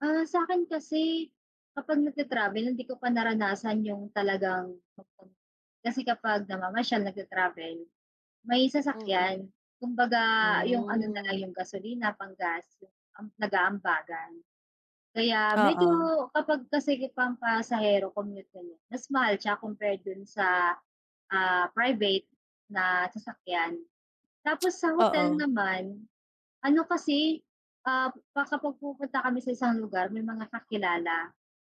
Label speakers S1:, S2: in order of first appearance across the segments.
S1: Ah, sa'kin kasi, kapag nag ta-travel, hindi ko pa naranasan yung talagang mag-com, kasi, kapag namamasyal nagta-travel may
S2: Mhm,
S1: sasakyan. Kumbaga, yung ano na lang,
S2: hmm.
S1: yung gasolina pang-gas am nag-aambagan. Kaya, medyo
S2: Oo.
S1: kapag, kasi, pang pasahero commute ganyan, mas mahal siya compared dun sa, ah, private na sasakyan. Tapos sa hotel
S2: Oo.
S1: naman, ano kasi, ah, pa kapag pumupunta kami sa isang lugar may mga kakilala,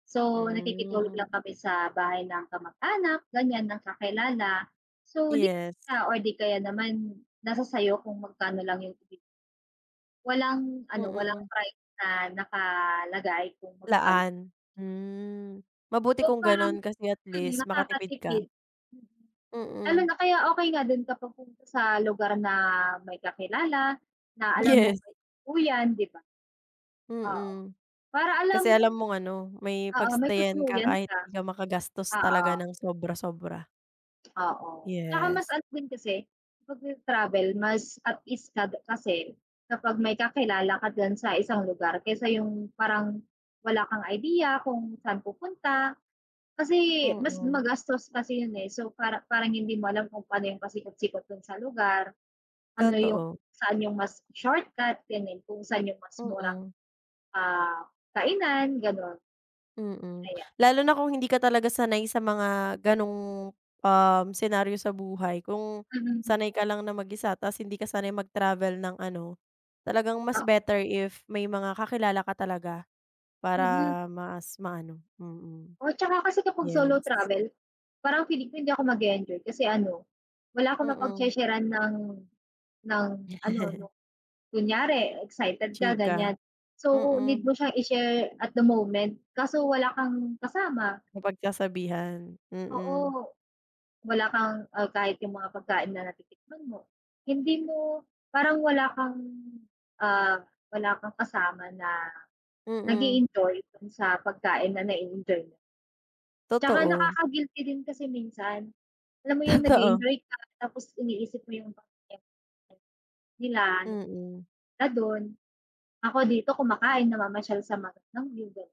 S1: so, nakikitulog
S2: Hmm.
S1: lang kami sa bahay ng kamag-anak, ganyan ng kakilala, so,
S2: Yes.
S1: nakikitulog or di kaya naman nasa sa'yo kung magkano lang yung. Walang ano, walang
S2: Mhm.
S1: price na nakalagay kung magkan.
S2: Laan, hmm, mabuti
S1: So,
S2: kung
S1: parang,
S2: ganun, kasi,
S1: hmm,
S2: atleast makatipid ka.
S1: nakakatipid, mhm, lalo
S2: Mhm.
S1: na kaya okay nga din kapag pupunta sa lugar na may kakilala na alam mong
S2: Yes.
S1: may tutuluyan 'di ba, oo,
S2: Mhm,
S1: para alam
S2: kasi,
S1: mong
S2: alam mong ano, may
S1: oo, may
S2: pag-stay-an ka,
S1: tutuluyan
S2: kahit
S1: ka,
S2: 'di ka makagastos talaga
S1: oo.
S2: ng sobra-sobra.
S1: Oo, 'tsaka
S2: Yes.
S1: mas ano, din kasi, kapag nag-travel mas at least ka kasi, kapag may kakilala ka diyan sa isang lugar, kaysa yung parang wala kang idea kung saan pupunta. Kasi, mas
S2: Mhm.
S1: magastos kasi yun eh, so, para parang hindi mo alam kung pano yung pasikotsikot dun sa lugar, ano, yung
S2: Totoo.
S1: saan yung mas shortcut ganun, kung saan yung mas murang,
S2: Mhm.
S1: ah, kainan ganon.
S2: Mhm,
S1: Ayan.
S2: lalo na kung hindi ka talaga sanay sa mga ganong, um, senaryo sa buhay, kung
S1: Hmm.
S2: sanay ka lang na mag-isa tas, hindi ka sanay mag-travel ng ano, talagang mas
S1: Oh.
S2: better if may mga kakilala ka talaga para
S1: Mhm.
S2: mas maano, mhm,
S1: Oh, 'tsaka, kasi, kapag solo
S2: yes.
S1: travel, parang feeling ko hindi ako mag-e-enjoy kasi ano, wala akong
S2: Mhm.
S1: mapagshe-sheran ng ng, ano, 'no kunyari excited ka
S2: Chika,
S1: ganyan, so, need
S2: mhm.
S1: mo siyang i-share at the moment, kaso wala kang kasama.
S2: Mapagsasabihan, mhm.
S1: Oo, wala kang, ah, kahit yung mga pagkain na natitikman mo, hindi mo, parang wala kang, ah, wala kang kasama na
S2: Mhm.
S1: nag-e-enjoy dun sa pagkain na na-e-enjoy mo. 'Tsaka,
S2: Totoo.
S1: nakaka-guilty din kasi minsan, alam mo yung
S2: Totoo.
S1: nag-e-enjoy ka, tapos iniisip mo yung pamilya mo, like nila,
S2: Mhm.
S1: na dun. Ako dito kumakain namamasyal sa magandang view, ganyan.